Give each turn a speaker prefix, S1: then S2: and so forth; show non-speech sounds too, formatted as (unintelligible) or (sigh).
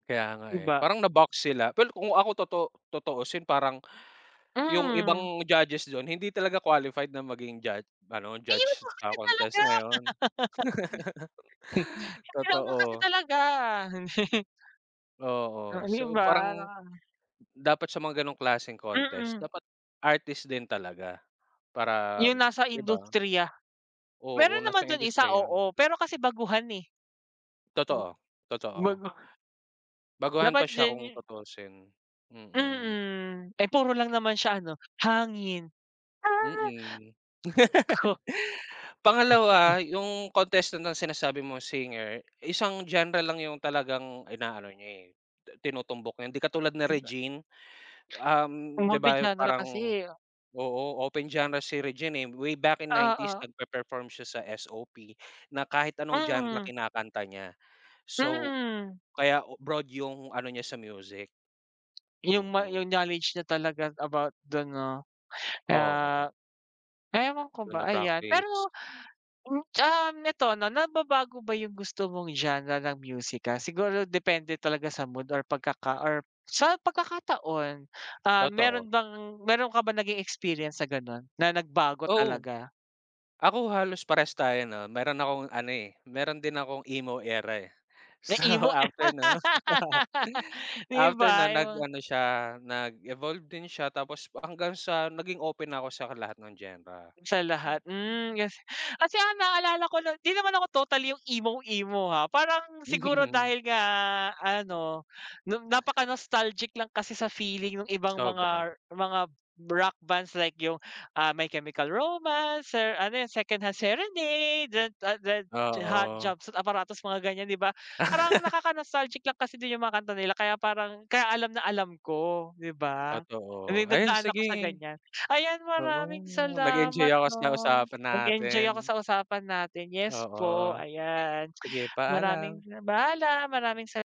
S1: Kaya nga, eh.
S2: Iba.
S1: Parang na-box sila, pero kung ako totoo tutuosin parang, yung
S2: Mm.
S1: ibang judges dun, hindi talaga qualified na maging jud ano,
S2: Ayun
S1: judge
S2: naman
S1: sa
S2: kasi talaga.
S1: contest na yun.
S2: (laughs)
S1: (laughs)
S2: Eh, ano kasi
S1: Totoo.
S2: talaga. (chuckles)
S1: Oo.
S2: Hmm, di
S1: So,
S2: ba?
S1: parang
S2: Naka
S1: dapat sa mga ganong klaseng contest,
S2: Mm.
S1: dapat artist din talaga para
S2: Yung nasa
S1: di ba?
S2: industriya.
S1: Oo,
S2: Meron
S1: nasa
S2: naman dun isa,
S1: industriya.
S2: oo, pero kasi baguhan, eh.
S1: Totoo, totoo.
S2: Bagu
S1: Baguhan pa
S2: Dapat
S1: siya
S2: diyan
S1: kung
S2: yu
S1: tutusin. Mm.
S2: Mm. Eh, puro lang naman siya ano, hangin.
S1: Mm.
S2: Oh.
S1: (laughs)
S2: Naku.
S1: Pangalawa, yung contestant na sinasabi mo, singer, isang genre lang yung talagang inaano niya, eh, tinutumbok niya. Hindi katulad ni
S2: Di ba?
S1: Regine, um, di
S2: Multi
S1: ba,
S2: genre kasi,
S1: parang
S2: eh.
S1: oo, open genre si Regine, eh. Way back in '90s
S2: Oo.
S1: nagpe-perform siya sa SOP na kahit anong genre
S2: Mm.
S1: kinakanta niya. So,
S2: Mm.
S1: kaya broad yung ano niya sa music.
S2: Yung ma
S1: Mm.
S2: yung knowledge niya talaga about dun 'no.
S1: Oo.
S2: Ah, ewan ko
S1: Dun
S2: ba, ayan.
S1: na-practice.
S2: Pero, (clicks tongue) um, neto 'no, nababago ba yung gusto mong genre ng musika? Siguro depende talaga sa mood or pagkaka or sa pagkakataon? Ah,
S1: Totoo.
S2: meron bang meron ka bang naging experience sa gano'n na nagbago
S1: Oo.
S2: talaga?
S1: Ako, halos parehas tayo 'no. Meron akong ano, eh, meron din akong emo era, eh.
S2: May
S1: So,
S2: emo.
S1: after no (laughs)
S2: (laughs) Di
S1: after
S2: ba
S1: nun,
S2: yung
S1: nag
S2: mga
S1: ano siya, nag-evolve din siya tapos hanggang sa naging open na ako sa lahat ng genre.
S2: Sa lahat, hmm.
S1: Mm.
S2: Kas kasi ang naalala ko no 'di naman ako totally yung emo-emo ha. Parang siguro
S1: (chuckles)
S2: dahil nga ano, n napaka-nostalgic lang kasi sa feeling nung ibang
S1: Sobra.
S2: mga mga rock bands like yung, ah, My Chemical Romance, ser ano yung, Secondhand Serenade. (unintelligible) Hot
S1: Oo.
S2: Jumpsuit Apparatus, mga ganyan, di ba? Parang
S1: (laughs)
S2: nakaka-nostalgic lang kasi din yung mga kanta nila kaya parang kaya alam na alam ko. Di ba? I
S1: Totoo.
S2: mean,
S1: Ayan,
S2: nagdaan ako sa
S1: sige.
S2: ganyan. Ayan, maraming
S1: Oo, nag-enjoy
S2: salamat
S1: ako sa
S2: 'no.
S1: usapan
S2: Nag-enjoy ako
S1: natin.
S2: sa usapan natin. Yes po,
S1: Oo.
S2: ayan.
S1: Sige,
S2: Maraming
S1: paalam.
S2: paalam, maraming sa